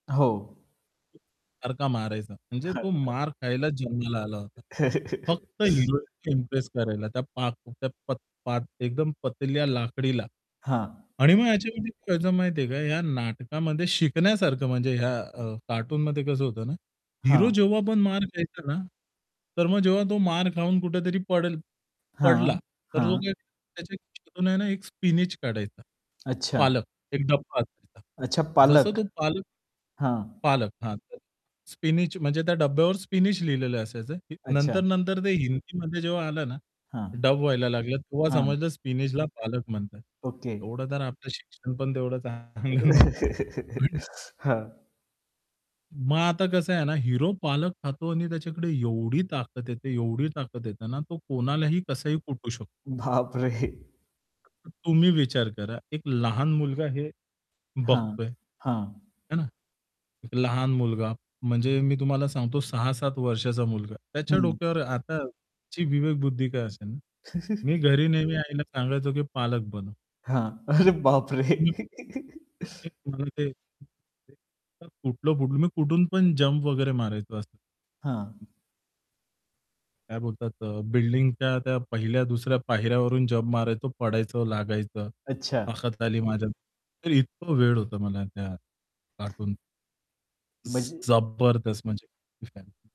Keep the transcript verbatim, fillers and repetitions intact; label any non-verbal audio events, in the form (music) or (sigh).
हो. सारखा मारायचा. म्हणजे तो (chuckles) मार खायला जन्माला आला होता. फक्त (chuckles) हिरोईन इम्प्रेस करायला, त्या पाक त्या पाक एकदम पतल्या लाकडीला. हां. आणि मग याच्यामध्ये काय व्हायचं माहिती आहे का, या नाटकामध्ये शिकण्यासारखं म्हणजे या अ, कार्टूनमध्ये कसं होतं ना हिरो हां. जेव्हा पण मार खायचा ना, तर मग जेव्हा तो मार खाऊन कुठेतरी पडेल हां, पडला, तर तो हां. काय त्याच्यात ना एक स्पिनच काढायचा. अच्छा. पालक एक डब्बा असायचा. अच्छा, जसं पालक. तो पालक हां. पालक, हां. स्पिनच म्हणजे त्या डब्यावर स्पिनच लिहिलेलं असायचं. अच्छा. नंतर-नंतर ते हिंदीमध्ये जेव्हा आलं ना हां. डब व्हायला लागलं, तेव्हा हां. समजलं स्पिनचला पालक म्हणतात. ओके. एवढं तर आपलं शिक्षण पण तेवढं चांगलं नव्हतं. पण (chuckles) हां. मग आता कसं आहे ना, हिरो पालक खातो आणि त्याच्याकडे एवढी ताकत येते, एवढी ताकत येते ना तो हं. कोणालाही कसाही कुटू शकतो. बाप रे! तुम्ही विचार करा, एक लहान मुलगा हे हां, बघतोय. हां. है ना. लहान मुलगा. म्हणजे मी तुम्हाला सांगतो सहा-सात वर्षाचा मुलगा. त्याच्या हं. डोक्यावर आताची विवेकबुद्धी काय असेल, मी (chuckles) घरी नेहमी आईला सांगायचो की पालक बनव. हां, अरे बापरे! हं. (chuckles) (unintelligible) तर कुठलं कुठ मी कुठून पण जंप वगैरे मारायचो असं. हां. काय बोलतात अ, बिल्डिंगच्या त्या पहिल्या दुसऱ्या पायऱ्यावरून जंप मारायचो, पडायचं, लागायचं. अच्छा. ताकत आली माझ्यात. तर इतका वेड होतं मला त्या कार्टूनचं. ज म्हणजे जबरदस्त म्हणजे (unintelligible)